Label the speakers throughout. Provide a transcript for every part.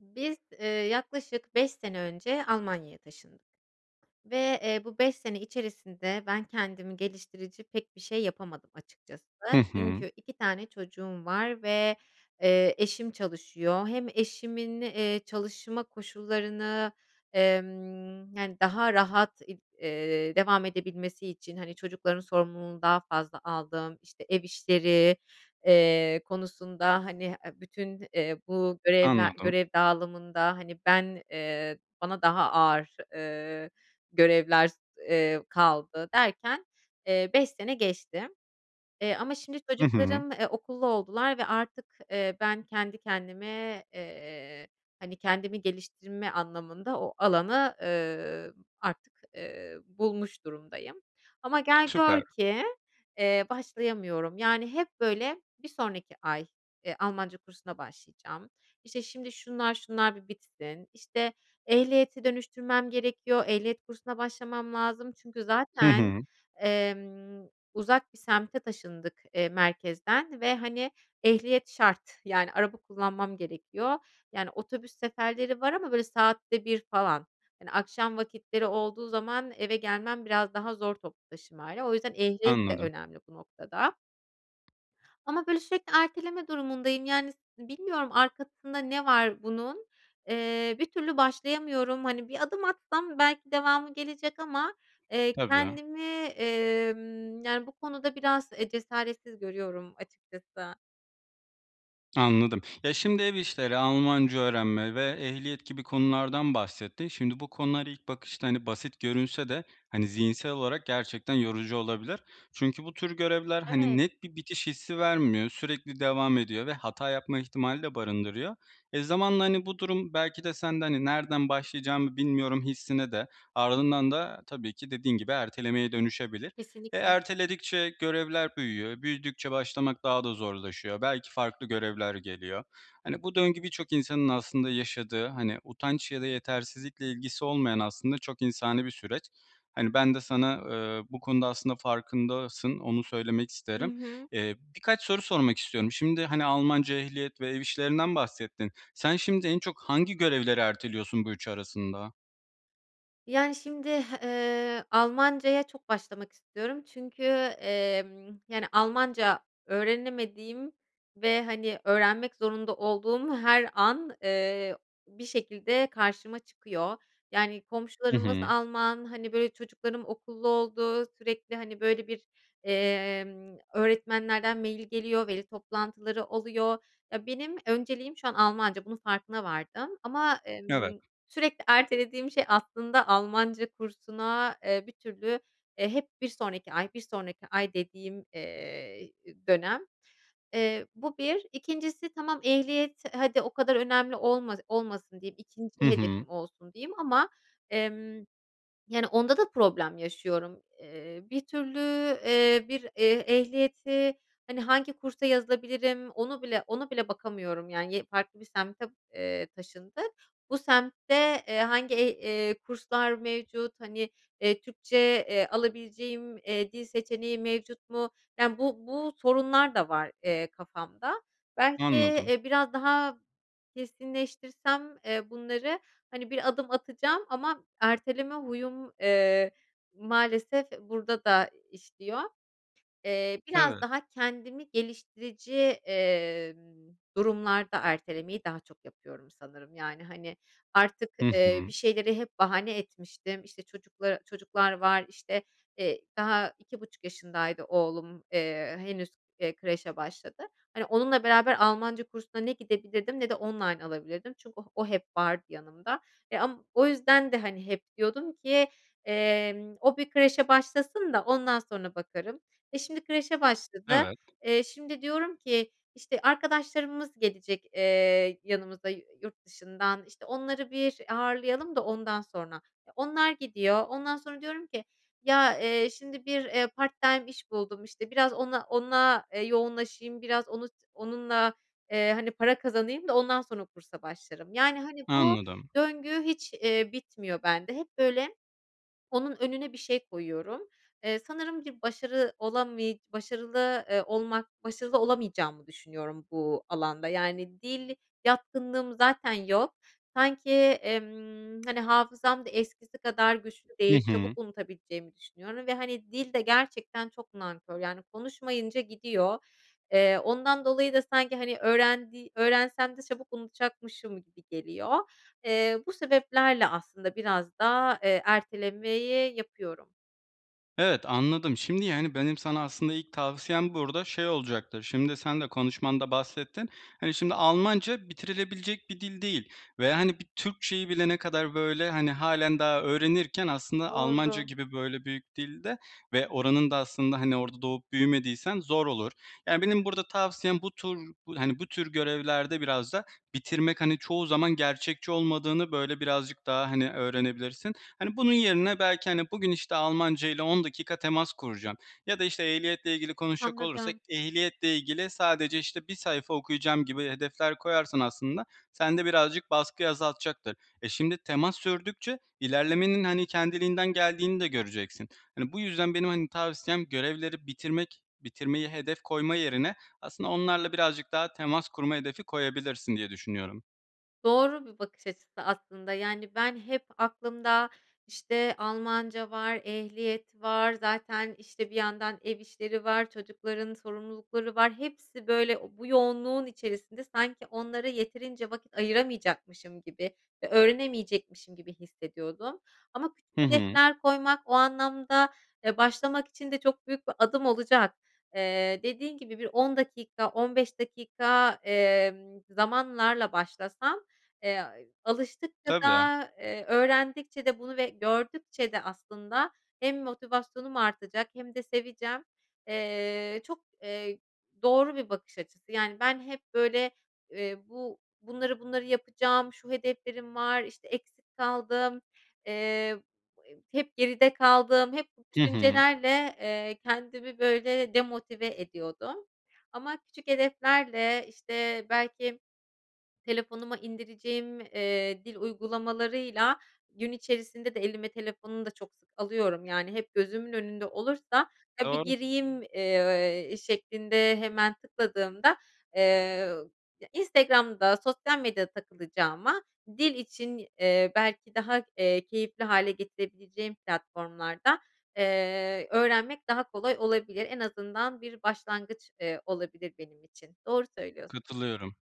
Speaker 1: Biz, eee, yaklaşık 5 sene önce Almanya'ya taşındık ve, eee, bu 5 sene içerisinde ben kendimi geliştirici pek bir şey yapamadım açıkçası.
Speaker 2: Hı hı.
Speaker 1: Çünkü 2 tane çocuğum var ve, eee, eşim çalışıyor. Hem eşimin, eee, çalışma koşullarını, emm, yani, daha rahat ib eee, devam edebilmesi için, hani, çocukların sorumluluğunu daha fazla aldım. İşte, ev işleri, eee, konusunda, hani, eee, bütün, eee, bu görevler
Speaker 2: Anladım.
Speaker 1: görev dağılımında, hani, ben, eee, bana daha ağır, eee, görevler, eee, kaldı. Derken, eee, 5 sene geçti, eee, ama şimdi
Speaker 2: Hı hı.
Speaker 1: çocuklarım, eee, okullu oldular ve artık, eee, ben kendi kendime, eee, hani, kendimi geliştirme anlamında o alanı, ııı, artık, eee, bulmuş durumdayım. Ama gel gör
Speaker 2: Süper.
Speaker 1: ki, eee, başlayamıyorum, yani hep böyle bir sonraki ay, eee, Almanca kursuna başlayacağım, işte, şimdi şunlar, şunlar bir bitsin, işte, ehliyeti dönüştürmem gerekiyor, ehliyet kursuna başlamam lazım çünkü
Speaker 2: Hı
Speaker 1: zaten,
Speaker 2: hı.
Speaker 1: emm, uzak bir semte taşındık, eee, merkezden ve, hani, ehliyet şart, yani, araba kullanmam gerekiyor, yani, otobüs seferleri var ama böyle saatte 1 falan. Hani, akşam vakitleri olduğu zaman eve gelmem biraz daha zor toplu taşımayla, o yüzden ehliyet de
Speaker 2: Anladım.
Speaker 1: önemli bu noktada. Ama böyle sürekli erteleme durumundayım, yani, s bilmiyorum arkasında ne var bunun, eee, bir türlü başlayamıyorum, hani, bir adım atsam belki devamı gelecek ama, eee,
Speaker 2: Tabii.
Speaker 1: kendimi, emm, yani, bu konuda biraz, eee, cesaretsiz görüyorum açıkçası.
Speaker 2: Anladım, ya, şimdi ev işleri, Almanca öğrenme ve ehliyet gibi konulardan bahsettin. Şimdi, bu konular ilk bakışta, hani, basit görünse de, hani, zihinsel olarak gerçekten yorucu olabilir. Çünkü bu tür görevler, hani,
Speaker 1: Evet.
Speaker 2: net bir bitiş hissi vermiyor, sürekli devam ediyor ve hata yapma ihtimali de barındırıyor. Eee, zamanla, hani, bu durum belki de sen de, hani, "nereden başlayacağımı bilmiyorum." hissine de, ardından da tabii ki dediğin gibi ertelemeye dönüşebilir. Eee,
Speaker 1: Kesinlikle.
Speaker 2: erteledikçe görevler büyüyor, büyüdükçe başlamak daha da zorlaşıyor. Belki farklı görevler geliyor. Hani, bu döngü birçok insanın aslında yaşadığı, hani, utanç ya da yetersizlikle ilgisi olmayan aslında çok insani bir süreç. Hani, ben de sana, ııı, bu konuda aslında farkındasın, onu söylemek
Speaker 1: Hı
Speaker 2: isterim.
Speaker 1: hı.
Speaker 2: İii, birkaç soru sormak istiyorum. Şimdi, hani, Almanca, ehliyet ve ev işlerinden bahsettin. Sen şimdi en çok hangi görevleri erteliyorsun bu üçü arasında?
Speaker 1: Yani, şimdi, ııı, Almancaya çok başlamak istiyorum çünkü, emm, yani, Almanca öğrenemediğim ve, hani, öğrenmek zorunda olduğum her an, eee, bir şekilde karşıma çıkıyor. Yani,
Speaker 2: Hı
Speaker 1: komşularımız
Speaker 2: hı.
Speaker 1: Alman, hani, böyle, çocuklarım okullu oldu, sürekli, hani, böyle, bir, emm, öğretmenlerden mail geliyor, veli toplantıları oluyor, ya, benim önceliğim şu an Almanca, bunun farkına vardım. Ama,
Speaker 2: Evet.
Speaker 1: emm, sürekli ertelediğim şey aslında Almanca kursuna, eee, bir türlü, eee, hep bir sonraki ay, bir sonraki ay dediğim, eee, dönem, eee, bu 1. 2'ncisi tamam ehliyet hadi o kadar önemli olma olmasın diyeyim,
Speaker 2: Hı
Speaker 1: 2'nci
Speaker 2: hı.
Speaker 1: hedefim olsun diyeyim ama, emm, yani, onda da problem yaşıyorum. Eee, bir türlü, eee, bir eh ehliyeti, hani, hangi kursa yazılabilirim onu bile ona bile bakamıyorum, yani, ye farklı bir semte, eee, taşındık. Bu semtte, eee, hangi eh eee, kurslar mevcut, hani, eee, Türkçe, eee, alabileceğim, eee, dil seçeneği mevcut mu, yani, bu bu sorunlar da var, eee, kafamda. Belki,
Speaker 2: Anladım.
Speaker 1: eee, biraz daha kesinleştirsem, eee, bunları, hani, bir adım atacağım ama erteleme huyum, eee, maalesef burada da işliyor. Eee, biraz
Speaker 2: Evet.
Speaker 1: daha kendimi geliştirici, eee, durumlarda ertelemeyi daha çok yapıyorum sanırım, yani, hani, artık,
Speaker 2: Hı
Speaker 1: eee, bir
Speaker 2: hı.
Speaker 1: şeyleri hep bahane etmiştim. İşte, çocukla çocuklar var, işte, eee, daha 2,5 yaşındaydı oğlum, eee, henüz, eee, kreşe başladı. Hani, onunla beraber Almanca kursuna ne gidebilirdim ne de online alabilirdim çünkü o o hep vardı yanımda. Eee, am o yüzden de, hani, hep diyordum ki, emm, o bir kreşe başlasın da ondan sonra bakarım. E, şimdi kreşe başladı.
Speaker 2: Evet.
Speaker 1: Eee, şimdi, diyorum ki, işte, arkadaşlarımız gelecek, eee, yanımıza yu yurt dışından, işte, onları bir ağırlayalım da ondan sonra. Eee, onlar gidiyor, ondan sonra diyorum ki, ya, eee, şimdi, bir, eee, part-time iş buldum, işte, biraz ona ona, eee, yoğunlaşayım, biraz onu onunla, eee, hani, para kazanayım da ondan sonra kursa başlarım. Yani, hani, bu
Speaker 2: Anladım.
Speaker 1: döngü hiç, eee, bitmiyor bende. Hep böyle onun önüne bir şey koyuyorum. Eee, sanırım ki başarı olamıy başarılı, eee, olmak başarılı olamayacağımı düşünüyorum bu alanda. Yani, dil yatkınlığım zaten yok. Sanki, emm, hani, hafızam da eskisi kadar güçlü
Speaker 2: Hı
Speaker 1: değil, çabuk
Speaker 2: hı.
Speaker 1: unutabileceğimi düşünüyorum ve, hani, dil de gerçekten çok nankör. Yani, konuşmayınca gidiyor. Eee, ondan dolayı da sanki, hani, öğrendi öğrensem de çabuk unutacakmışım gibi geliyor. Eee, bu sebeplerle aslında biraz da, eee, ertelemeyi yapıyorum.
Speaker 2: Evet anladım. Şimdi, yani, benim sana aslında ilk tavsiyem burada şey olacaktır. Şimdi, sen de konuşmanda bahsettin. Hani, şimdi, Almanca bitirilebilecek bir dil değil ve, hani, bir Türkçe'yi bile ne kadar böyle, hani, hâlen daha öğrenirken aslında Almanca
Speaker 1: Doğru.
Speaker 2: gibi, böyle, büyük dilde ve oranın da aslında, hani, orada doğup büyümediysen zor olur. Yani, benim burada tavsiyem bu tur, hani, bu tür görevlerde biraz da bitirmek, hani, çoğu zaman gerçekçi olmadığını, böyle, birazcık daha, hani, öğrenebilirsin. Hani, bunun yerine, belki, hani, bugün, işte, Almanca ile 10 dakika temas kuracağım ya da, işte, ehliyetle ilgili konuşacak olursak,
Speaker 1: Anladım.
Speaker 2: ehliyetle ilgili sadece, işte, bir sayfa okuyacağım gibi hedefler koyarsan aslında sende birazcık baskıyı azaltacaktır. Eee, şimdi temas sürdükçe ilerlemenin, hani, kendiliğinden geldiğini de göreceksin. Hani, bu yüzden benim, hani, tavsiyem görevleri bitirmek, bitirmeyi hedef koyma yerine aslında onlarla birazcık daha temas kurma hedefi koyabilirsin diye düşünüyorum.
Speaker 1: Doğru bir bakış açısı aslında, yani, ben hep aklımda, işte, Almanca var, ehliyet var, zaten, işte, bir yandan ev işleri var, çocukların sorumlulukları var, hepsi, böyle, bu yoğunluğun içerisinde sanki onlara yeterince vakit ayıramayacakmışım gibi ve öğrenemeyecekmişim gibi hissediyordum. Ama küçük
Speaker 2: Hı hı.
Speaker 1: hedefler koymak o anlamda, eee, başlamak için de çok büyük bir adım olacak. Eee, dediğin gibi bir 10 dakika 15 dakika, emm, zamanlarla başlasam, eee, alıştıkça
Speaker 2: Tabii.
Speaker 1: da, eee, öğrendikçe de bunu ve gördükçe de aslında hem motivasyonum artacak hem de seveceğim. Eee, çok, eee, doğru bir bakış açısı. Yani, ben hep, böyle, eee, bu bunları, bunları yapacağım, şu hedeflerim var, işte, eksik kaldım, eee, he hep geride kaldım, hep bu
Speaker 2: Hı hı.
Speaker 1: düşüncelerle, eee, kendimi, böyle, demotive ediyordum ama küçük hedeflerle, işte, belki telefonuma indireceğim, eee, dil uygulamalarıyla gün içerisinde de elime telefonunu da çok sık alıyorum. Yani, hep gözümün önünde olursa, "ya, bir
Speaker 2: Doğru.
Speaker 1: gireyim," eee, şeklinde hemen tıkladığımda, eee, ya Instagram'da sosyal medyada takılacağıma dil için, eee, belki daha, eee, keyifli hâle getirebileceğim platformlarda, eee, öğrenmek daha kolay olabilir. En azından bir başlangıç, eee, olabilir benim için, doğru söylüyorsun.
Speaker 2: Katılıyorum.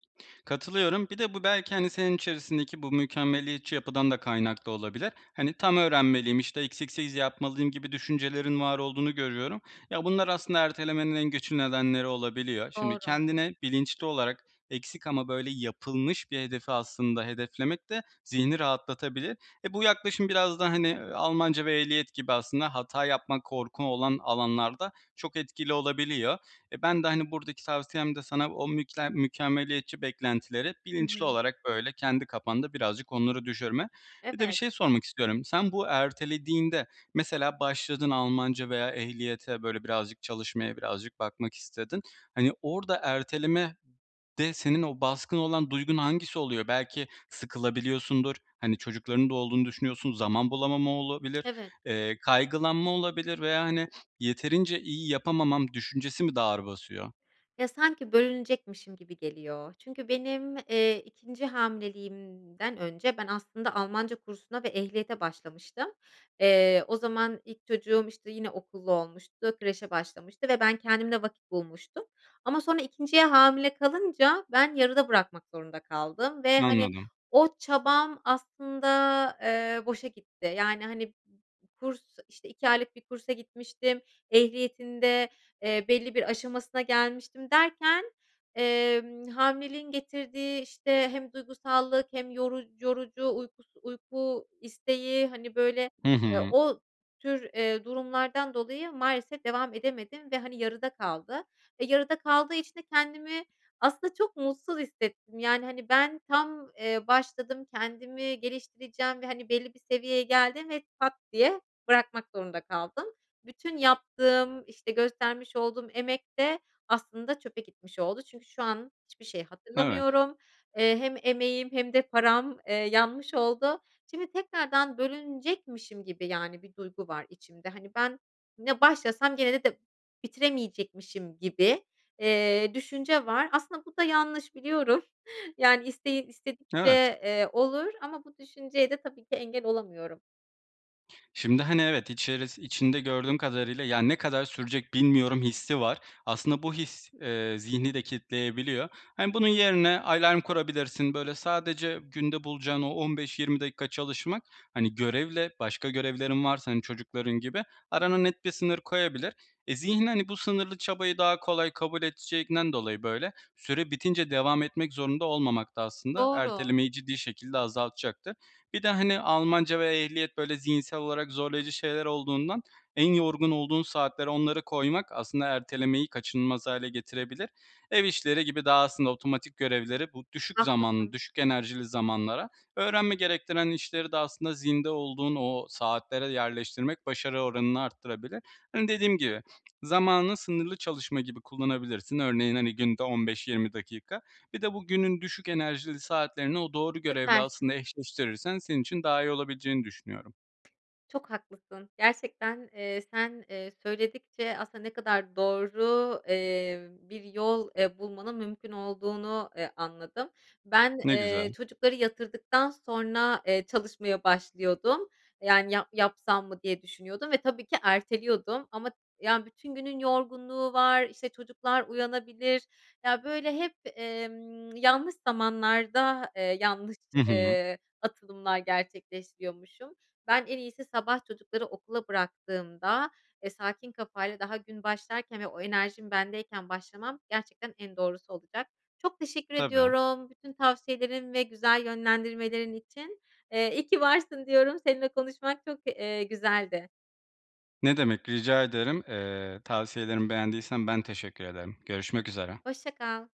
Speaker 2: Katılıyorum, bir de bu belki, hani, senin içerisindeki bu mükemmeliyetçi yapıdan da kaynaklı olabilir. Hani, tam öğrenmeliyim, işte, eksiksiz yapmalıyım gibi düşüncelerin var olduğunu görüyorum. Ya, bunlar aslında ertelemenin en güçlü nedenleri olabiliyor. Şimdi,
Speaker 1: Doğru.
Speaker 2: kendine bilinçli olarak eksik ama böyle yapılmış bir hedefi aslında hedeflemek de zihni rahatlatabilir. E, bu yaklaşım biraz da, hani, Almanca ve ehliyet gibi aslında hata yapma, korku olan alanlarda çok etkili olabiliyor. Eee, ben de, hani, buradaki tavsiyem de sana o mükle mükemmeliyetçi beklentileri
Speaker 1: Hı
Speaker 2: bilinçli
Speaker 1: hı.
Speaker 2: olarak, böyle, kendi kafanda birazcık onları düşürme. Bir de bir
Speaker 1: Evet.
Speaker 2: şey sormak istiyorum. Sen bu ertelediğinde, mesela başladın Almanca veya ehliyete, böyle, birazcık çalışmaya birazcık bakmak istedin. Hani, orada erteleme de senin o baskın olan duygun hangisi oluyor? Belki sıkılabiliyorsundur, hani, çocuklarının da olduğunu düşünüyorsun, zaman bulamama olabilir,
Speaker 1: Evet.
Speaker 2: eee, kaygılanma olabilir veya, hani, yeterince iyi yapamamam düşüncesi mi daha ağır basıyor?
Speaker 1: Ya, sanki bölünecekmişim gibi geliyor. Çünkü benim, eee, 2'nci hamileliğimden önce ben aslında Almanca kursuna ve ehliyete başlamıştım. Eee, o zaman ilk çocuğum, işte, yeni okullu olmuştu, kreşe başlamıştı ve ben kendimle vakit bulmuştum ama sonra 2'nciye hamile kalınca ben yarıda bırakmak zorunda kaldım ve, hani,
Speaker 2: Anladım.
Speaker 1: o çabam aslında, eee, boşa gitti. Yani, hani, b b kurs, işte, 2 aylık bir kursa gitmiştim, ehliyetin de, eee, belli bir aşamasına gelmiştim derken, emm, hamileliğin getirdiği, işte, hem duygusallık hem yoruc yorucu uykus uyku isteği, hani, böyle,
Speaker 2: Hı
Speaker 1: eee,
Speaker 2: hı.
Speaker 1: o tür, eee, durumlardan dolayı maalesef devam edemedim ve, hani, yarıda kaldı. Eee, yarıda kaldığı için de kendimi aslında çok mutsuz hissettim. Yani, hani, ben tam, eee, başladım, kendimi geliştireceğim ve, hani, belli bir seviyeye geldim ve pat diye bırakmak zorunda kaldım. Bütün yaptığım, işte, göstermiş olduğum emek de aslında çöpe gitmiş oldu çünkü şu an hiçbir şey
Speaker 2: Evet.
Speaker 1: hatırlamıyorum. Eee, hem emeğim hem de param, eee, yanmış oldu. Şimdi tekrardan bölünecekmişim gibi, yani, bir duygu var içimde. Hani, ben ne başlasam gene de bitiremeyecekmişim gibi, eee, düşünce var. Aslında bu da yanlış biliyorum. Yani, isteği
Speaker 2: Evet.
Speaker 1: istedikçe, eee, olur ama bu düşünceye de tabii ki engel olamıyorum.
Speaker 2: Şimdi, hani, evet içerisi içinde gördüğüm kadarıyla, yani, ne kadar sürecek bilmiyorum hissi var. Aslında bu his, eee, zihni de kilitleyebiliyor. Hani, bunun yerine alarm kurabilirsin, böyle, sadece günde bulacağın o 15-20 dakika çalışmak, hani, görevle başka görevlerin varsa, hani, çocukların gibi arana net bir sınır koyabilir. Eee, zihin, hani, bu sınırlı çabayı daha kolay kabul edeceğinden dolayı, böyle, süre bitince devam etmek zorunda olmamak da aslında
Speaker 1: Doğru.
Speaker 2: ertelemeyi ciddi şekilde azaltacaktır. Bir de, hani, Almanca ve ehliyet, böyle, zihinsel olarak zorlayıcı şeyler olduğundan en yorgun olduğun saatler onları koymak aslında ertelemeyi kaçınılmaz hâle getirebilir. Ev işleri gibi daha aslında otomatik görevleri bu düşük zamanlı,
Speaker 1: Haklısın.
Speaker 2: düşük enerjili zamanlara, öğrenme gerektiren işleri de aslında zinde olduğun o saatlere yerleştirmek başarı oranını arttırabilir. Hani, dediğim gibi zamanı sınırlı çalışma gibi kullanabilirsin. Örneğin, hani, günde 15-20 dakika birde bu günün düşük enerjili saatlerini o doğru görevle
Speaker 1: Süper.
Speaker 2: aslında eşleştirirsen senin için daha iyi olabileceğini düşünüyorum.
Speaker 1: Çok haklısın. Gerçekten, eee, sen, eee, söyledikçe aslında ne kadar doğru, eee, bir yol, eee, bulmanın mümkün olduğunu, eee, anladım. Ben,
Speaker 2: Ne
Speaker 1: eee,
Speaker 2: güzel.
Speaker 1: çocukları yatırdıktan sonra, eee, çalışmaya başlıyordum. Yani, yap yapsam mı diye düşünüyordum ve tabii ki erteliyordum. Ama, yani, bütün günün yorgunluğu var, işte, çocuklar uyanabilir. Ya, böyle, hep, emm, yanlış zamanlarda, eee, yanlış,
Speaker 2: Hı hı.
Speaker 1: eee, atılımlar gerçekleştiriyormuşum. Ben en iyisi sabah çocukları okula bıraktığımda, eee, sakin kafayla, daha gün başlarken ve o enerjim bendeyken başlamam gerçekten en doğrusu olacak. Çok teşekkür
Speaker 2: Tabii.
Speaker 1: ediyorum bütün tavsiyelerin ve güzel yönlendirmelerin için. Eee, iyi ki varsın diyorum, seninle konuşmak çok, eee, güzeldi.
Speaker 2: Ne demek rica ederim. Eee, tavsiyelerimi beğendiysen ben teşekkür ederim. Görüşmek üzere.
Speaker 1: Hoşça kal.